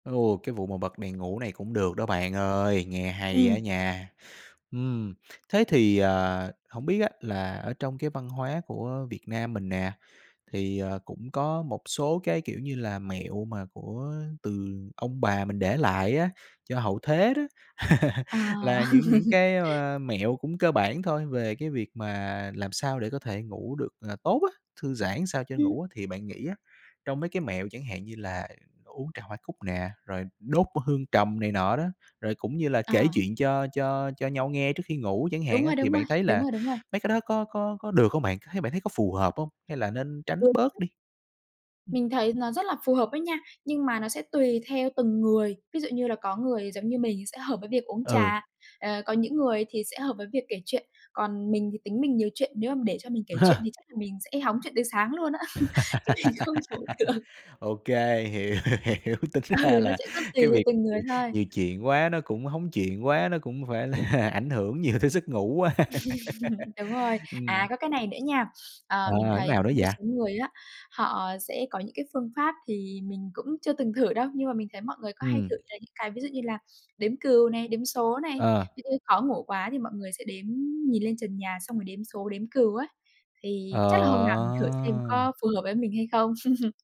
Ô, cái vụ mà bật đèn ngủ này cũng được đó bạn ơi, nghe hay á Ừm. nha! Ừm, thế thì, ờ, hổng biết á là ở trong cái văn hóa của, ơ, Việt Nam mình nè, thì, ờ, cũng có một số cái, kiểu như là, mẹo mà của từ ông bà mình để lại á, cho hậu thế đó, À. là những những cái, ơ, mẹo cũng cơ bản thôi, về cái việc mà làm sao để có thể ngủ được, à, tốt á. Thư giãn sao cho Ừm. ngủ á, thì bạn nghĩ á, trong mấy cái mẹo chẳng hạn như là uống trà hoa cúc nè, rồi đốt hương trầm này nọ đó, rồi cũng như là kể À. chuyện cho cho cho nhau nghe trước khi ngủ chẳng Đúng hạn á rồi, thì đúng rồi, bạn thấy đúng là rồi, đúng rồi. mấy cái đó có có có được hông bạn? C thấy bạn thấy có phù hợp hông? Hay là nên tránh bớt [unintelligible] đi? Ừm. Mình thấy nó rất là phù hợp đó nha. Nhưng mà nó sẽ tùy theo từng người, ví dụ như là có người giống như mình sẽ hợp với việc uống Ừ. trà, ờ, có những người thì sẽ hợp với việc kể chuyện. Còn mình thì tính mình nhiều chuyện, nếu mà để cho mình kể chuyện thì chắc là mình sẽ hóng chuyện đến sáng luôn á. Chứ mình không chủ được. OK, hiểu, hiểu. Tính ra Ừ, nó là sẽ có tùy cái theo việc, từng người ừm, thôi. nhiều chuyện quá nó cũng hóng chuyện quá, nó cũng phải là ảnh hưởng nhiều tới giấc ngủ quá. Đúng rồi. À, Ừm. có cái này nữa nha. Ờ, À, mình [unintelligible] thấy nào đó có một dạ. số người á, họ sẽ có những cái phương pháp thì mình cũng chưa từng thử đâu, nhưng mà mình thấy mọi người có hay Ừm. thử là những cái ví dụ như là đếm cừu này, đếm số này. Ờ. [unintelligible] khó ngủ quá thì mọi người sẽ đếm nhìn lên trần nhà xong rồi đếm số, đếm cừu á. Thì chắc là hôm nào mình thử xem Ờ! có phù hợp với mình hay không?